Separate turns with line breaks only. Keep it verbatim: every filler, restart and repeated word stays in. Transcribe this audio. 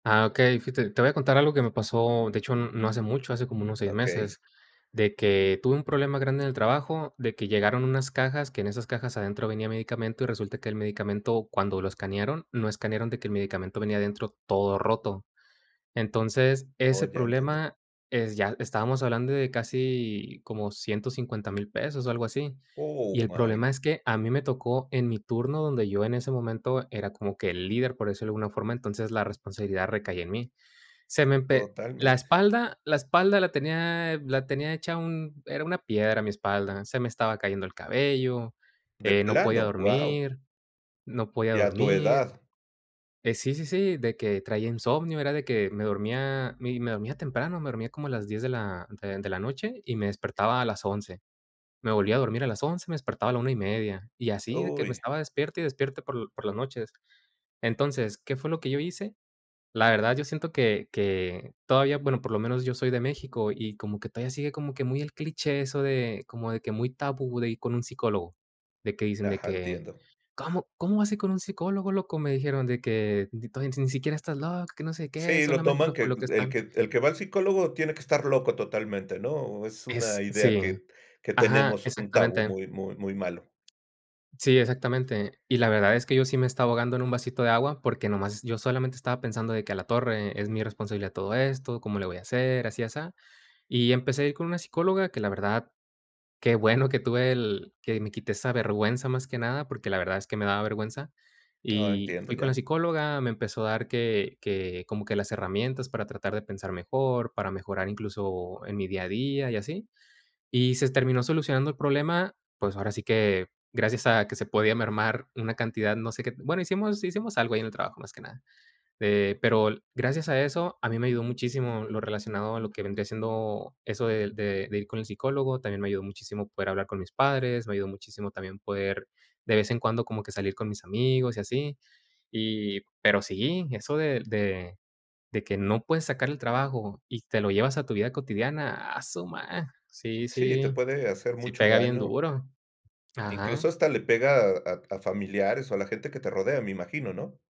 Ah, okey. Fíjate, te voy contar algo que me pasó, de hecho n no hace mucho, hace como unos seis
Okey.
meses, de que tuve un problema grande en el trabajo, de que llegaron unas cajas, que en esas cajas adentro venía medicamento y resulta que el medicamento, cuando lo escanearon, no escanearon de que el medicamento venía adentro todo roto. Entonces,
Oh,
ese
ya entendí.
problema es ya estábamos hablando de casi como ciento cincuenta mil pesos, o algo así. Y
Oh,
el
my
problema es que, a mí me tocó en mi turno, donde yo en ese momento era como que el líder, por decirlo de alguna forma, entonces la responsabilidad recaía en mí. Se me empe la
Totalmente.
espalda, la espalda la tenía la tenía hecha un era una piedra mi espalda. Se me estaba cayendo el cabello,
¿De
eh, no podía
plano? ¡Guau!
dormir. No podía
¡Y a tu
dormir,
edad!
eh, sí, sí, sí, de que traía insomnio. Era de que me dormía, mi me dormía temprano. Me dormía como a las diez de la de de la noche y me despertaba a las once. Me volvía a dormir a las once, me despertaba a la una y media y así de que me
¡Uy!
estaba despierte y despierte por por las noches. Entonces, ¿qué fue lo que yo hice? La verdad yo siento que que todavía, bueno, por lo menos yo soy de México y como que todavía sigue, como que muy el cliché eso de como de que muy tabú de ir con un psicólogo. De que dicen de
Ajá,
que:
entiendo.
"¿Cómo cómo vas a ir con un psicólogo, loco?" Me dijeron de que: "N to ni siquiera estás loco, que no sé qué,
Sí, lo
solamente
toman
loco
que
los que
el
están".
que el que va al psicólogo tiene que estar loco totalmente, ¿no? Es una
Es
idea
sí.
que que
Ajá,
tenemos, un tabú
exactamente.
muy muy muy malo.
Sí, exactamente. Y la verdad es que yo sí me estaba ahogando en un vasito de agua, porque nomás yo solamente estaba pensando de que, a la torre, es mi responsabilidad todo esto, ¿cómo le voy a hacer? Así, asá. Y empecé con una psicóloga que, la verdad, qué bueno que tuve el que me quité esa vergüenza, más que nada, porque la verdad es que me daba vergüenza.
Ah,
Y
entiendo,
fui con
ya.
la psicóloga, me empezó a dar que que como que las herramientas para tratar de pensar mejor, para mejorar incluso en mi día a día y así. Y se terminó solucionando el problema, pues ahora sí que, gracias a que se podía mermar una cantidad, no sé qué bueno, hicimos hicimos algo ahí en el trabajo, más que nada, eh, pero l gracias a eso, a mí me ayudó muchísimo lo relacionado a lo que vendría siendo eso del de de ir con el psicólogo. También me ayudó muchísimo poder hablar con mis padres. Me ayudó muchísimo también poder, de vez en cuando, como que salir con mis amigos y así. Y pero sí, eso del de de que no puedes sacar el trabajo y te lo llevas a tu vida cotidiana, ¡a su ma! Sí,
Sí, te
sí,
puede hacer
sí
mucho
pega bien
daño
duro.
incluso
Ajá.
hasta le pega a a familiares o a la gente que te rodea me imagino, ¿no?